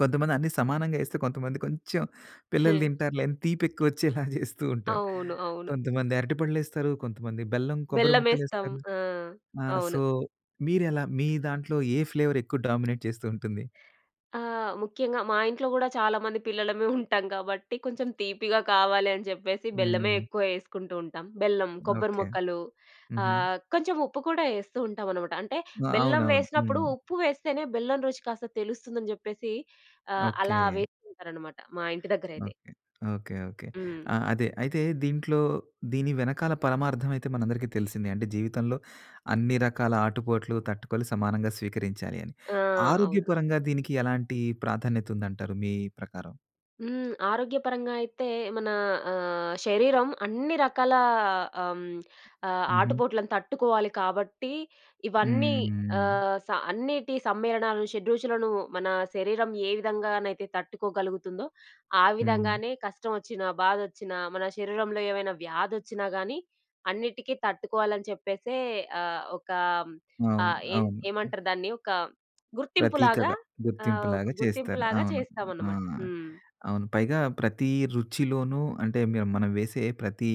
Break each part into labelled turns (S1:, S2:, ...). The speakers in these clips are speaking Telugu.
S1: కొంతమంది అన్ని సమానంగా యెస్తే, కొంతమంది కొంచెం పిల్లలు తింటారులే అని తీపెక్కువొచ్చేలా జేస్తూ ఉంటారు.
S2: అవును. అవును.
S1: కొంతమంది అరటి పండ్లేస్తరు, కొంతమంది బెల్లం, కొబ్బరి
S2: బెల్లమేస్తాం.
S1: ముక్కలేస్తరు.
S2: ఆ!
S1: ఆహ్,
S2: అవును.
S1: సో, మీరెలా? మీ దాంట్లో ఏ ఫ్లేవరెక్కువు డామినేట్ చేస్తూ ఉంటుంది?
S2: ఆ! ముఖ్యంగా మా ఇంట్లో గూడా చాలామంది పిల్లలమే ఉంటాం గాబట్టి కొంచెం తీపిగా కావాలి అని జెప్పేసి, బెల్లమే
S1: హ్మ్.
S2: ఎక్కువ యేసుకుంటూ ఉంటాం. బెల్లం, కొబ్బరి
S1: ఓకే.
S2: మొక్కలు
S1: హుహు.
S2: ఆహ్, కొంచెం ఉప్పు కూడా యేస్తూ ఉంటామనమాట. అంటే,
S1: ఆ!
S2: బెల్లం
S1: అవునవును.
S2: వేసినప్పుడు,
S1: హ్మ్.
S2: ఉప్పు వేస్తేనే బెల్లం రుచి కాస్త తెలుస్తుందని జెప్పేసీ, ఆహ్, అలా
S1: ఓకే.
S2: వేస్తుంటారనమాట మా ఇంటి దగ్గరైతే.
S1: ఓకే. ఓకే. ఓకే.
S2: హ్మ్.
S1: ఆ! అదే. అయితే, దీంట్లో, దీని వెనకాల పరమార్ధవైతే మనందరికీ తెలిసిందే. అంటే, జీవితంలో అన్ని రకాల ఆటుపోట్లు తట్టుకోవాలి, సమానంగా స్వీకరించాలి అని.
S2: ఆ! అవును.
S1: ఆరోగ్యపరంగా దీనికి ఎలాంటీ ప్రాధాన్యతుందంటారు మీ ప్రకారం?
S2: హ్మ్. ఆరోగ్యపరంగా అయితే, మనా ఆహ్, శరీరం అన్ని రకాలా ఆహ్, హ్మ్, ఆహ్,
S1: హుహు.
S2: ఆటుపోట్లను తట్టుకోవాలి కాబట్టి, ఇవన్నీ
S1: హుహు.
S2: ఆహ్, స అన్నీటి సమ్మేళనాలు, షెడ్రుచులను మనా శరీరం ఏ విధంగానైతే తట్టుకోగలుగుతుందో, ఆ
S1: హ్మ్.
S2: విధంగానే కష్టమొచ్చినా, బాధొచ్చినా మన శరీరంలో ఏవైనా వ్యాధొచ్చినా గానీ, అన్నిటికి తట్టుకోవాలని చెప్పేసే ఆహ్, ఒకా
S1: అవును.
S2: ఆహ్, హ్మ్, ఏన్
S1: అవును.
S2: ఏమంటరు దాన్నీ ఒకా గుర్తింపులాగా
S1: ప్రతీకగా,
S2: ఆహ్, ఒక
S1: గుర్తింపులాగా చేస్తారు.
S2: గుర్తింపులాగా
S1: అవును. ఆ!
S2: చేస్తామనమాట. హ్మ్.
S1: అవును. పైగా ప్రతీ రుచిలోనూ అంటే, మీరు మనం వేసే ప్రతీ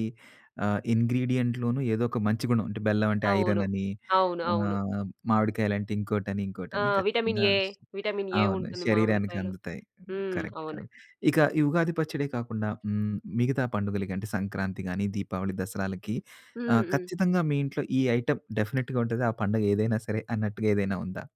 S1: ఆహ్, ఇంగ్రీడియెంట్‌లోనూ ఏదొక మంచి గుణం అంటే, బెల్లవంటే
S2: అవును.
S1: ఐరనని,
S2: అవును. అవును.
S1: ఆహ్, మామిడికాయలంటే ఇంకోటని,
S2: ఆ!
S1: ఇంకోటని
S2: విటమిన్
S1: ఖచ్చితంగా
S2: ఏ. విటమిన్ ఏ
S1: అవును.
S2: ఉంటుంది మామిడికాయలో.
S1: శరీరానికందుతాయి.
S2: హ్మ్.
S1: కరెక్ట్‌.
S2: అవును.
S1: కరెక్ట్. ఇక ఈ ఉగాది పచ్చడే కాకుండా, హ్మ్, మిగతా పండుగలకి అంటే, సంక్రాంతి గానీ, దీపావళి, దసరాలకి ఆహ్,
S2: హ్మ్. హ్మ్.
S1: ఖచ్చితంగా మీ ఇంట్లో ఈ ఐటెమ్ డెఫనెట్‌గా ఉంటది, ఆ పండగేదైనా సరే అన్నట్టుగా ఏదైనా ఉందా?